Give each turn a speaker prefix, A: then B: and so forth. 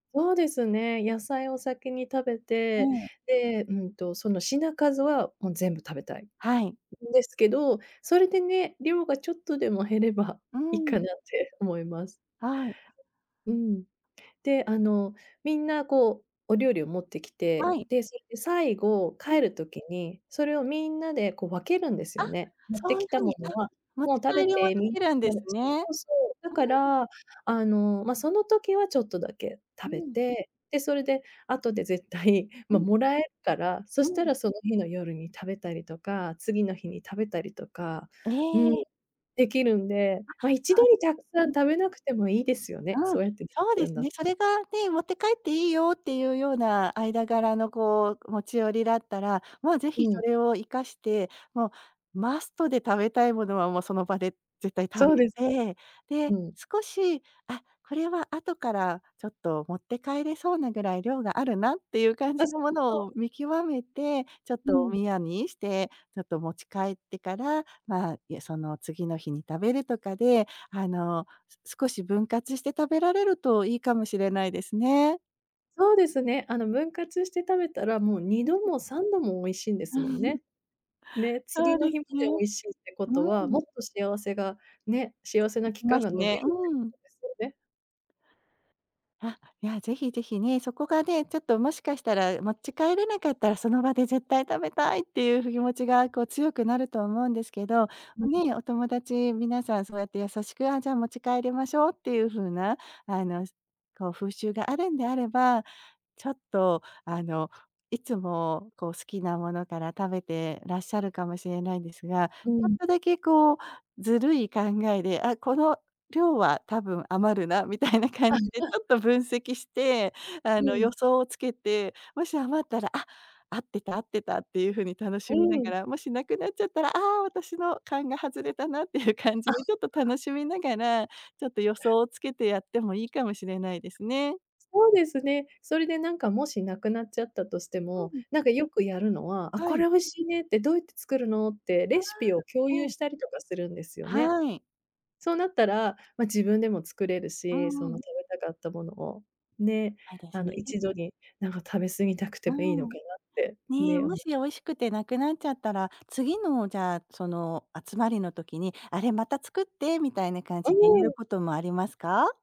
A: そうですね。野菜を先に食べ
B: え
A: て、
B: え。
A: で、うんと、その品数はもう全部食べたいん
B: はい。
A: ですけど、それでね、量がちょっとでも減れば
B: う
A: いっ
B: ん。
A: かなって思います。
B: はい。
A: うん。で、あの、みんなこうお料理を持ってき
B: は
A: て、
B: い。
A: で、それで、最後
B: うん。
A: 帰る時に、それをみんなでこう分けるんです
B: あ、
A: よね、持って
B: そうい
A: き
B: う
A: た
B: ふう
A: も
B: に、
A: の
B: あ、
A: は。
B: 持
A: もう
B: ち
A: 食べ
B: 帰りも
A: て
B: で
A: みん
B: きるんで
A: なで
B: す
A: [unintelligible] そ
B: ね。うー
A: うそう、だか
B: ん。
A: ら、あの、ま、その時はちょっとだけ
B: う
A: 食べ
B: ん。
A: て、で、それで後で絶対、
B: う
A: ま、
B: ん。
A: もらえ、から、そ
B: う
A: した
B: ん。
A: らその日の夜に食べたりとか、次の日に食べたりとかうん、
B: え。
A: できるんで、ま、一
B: あ、
A: 度
B: そ
A: に
B: うで
A: たくさ
B: う
A: ん
B: ん。
A: 食べなくてもいいですよね。
B: うん、
A: そうやってでき
B: そうで
A: るん
B: す
A: だ
B: ね。
A: と。
B: それがね、持って帰っていいよっていうような間柄のこう持ち寄りだったら、もうぜひ
A: う
B: そ
A: ん。
B: れを活かして、もうマストで食べたいものはもうその場で絶対食
A: そう
B: べ
A: です。
B: て、で、
A: うん。
B: 少し、あ、これは後から、ちょっと持って帰れそうなぐらい量があるなっていう感
A: あ、
B: じ
A: そ
B: のも
A: う
B: の
A: そ
B: を
A: う。
B: 見極めて、ちょっ
A: う
B: とお
A: ん。
B: みやにして、ちょっと持ち帰ってから、まあ、いや、その次の日に食べるとかで、あの、す少し分割して食べられるといいかもしれないですね。
A: そうですね。あの分割して食べたら、もうに
B: う
A: ど
B: ん。
A: も3度も美味しいんで
B: う
A: すもん
B: ん。
A: ね。ね、
B: そ
A: 次
B: う
A: の
B: で
A: 日ま
B: す
A: で
B: ね。
A: 美味しいってこと
B: う
A: は、
B: ん。
A: もっと幸せが、ね、幸せ
B: 続
A: な
B: き
A: 期
B: ま
A: 間
B: す
A: が伸び
B: ね、
A: るっていう
B: うん。
A: ことですよね。
B: あ、いやぜひぜひね、そこがね、ちょっともしかしたら持ち帰れなかったらその場で絶対食べたいっていうふ気持ちがこう、強くなると思うんですけど、お
A: [unintelligible]
B: ね、お友達皆さんそうやって優しく、あ、じゃあ持ち帰りましょうっていうふうなあの、すこう風習があるんであれば、ちょっとあの、いつもこう好きなものから食べてらっしゃるかもしれないんですが、ち
A: う
B: ょっ
A: ん。
B: とだけこうずるい考えで、あ、この量は多分余るなみたいな感
A: あ
B: じ
A: んち
B: でち
A: ゃ
B: ょっと分析して、あ
A: う
B: の、予
A: ん。
B: 想をつけて、もし余ったら「あ、合ってた合ってた」っていうふうに楽し
A: う
B: みなが
A: ん。
B: ら、もしなくなっちゃったら、「あ、私の勘が外れたな」っていう感じ
A: あ、。
B: でちょっと
A: [unintelligible]
B: 楽しみながら、ちょっと予
A: え。
B: 想をつけてやってもいいかもしれないですね。
A: そうですね。それでなんかもし、なくなっちゃったとして
B: う
A: も、
B: ん。
A: なんかよくやるのは「あ、
B: は
A: こ
B: い。
A: れ美味しいね」って、「どうやって作るの」って
B: あ
A: レシピを共
B: あ、
A: 有
B: ええ。
A: したりとかするんですよね。
B: はい。
A: そうなったら、ま、自分でも作れる
B: うー
A: し、その
B: ん。
A: 食べたかったものを、ね、
B: はいです
A: あの
B: ね。
A: 一度になんか食べ過ぎたく
B: う
A: てもいいの
B: ーん。
A: かなって
B: ね、
A: ね、お
B: も
A: も
B: しや美味しくてなくなっちゃったら、次のじゃあその集まりの時に「あれまた作って」みたいな感
A: う
B: じで言え
A: ー
B: る
A: ん。
B: こともありますか？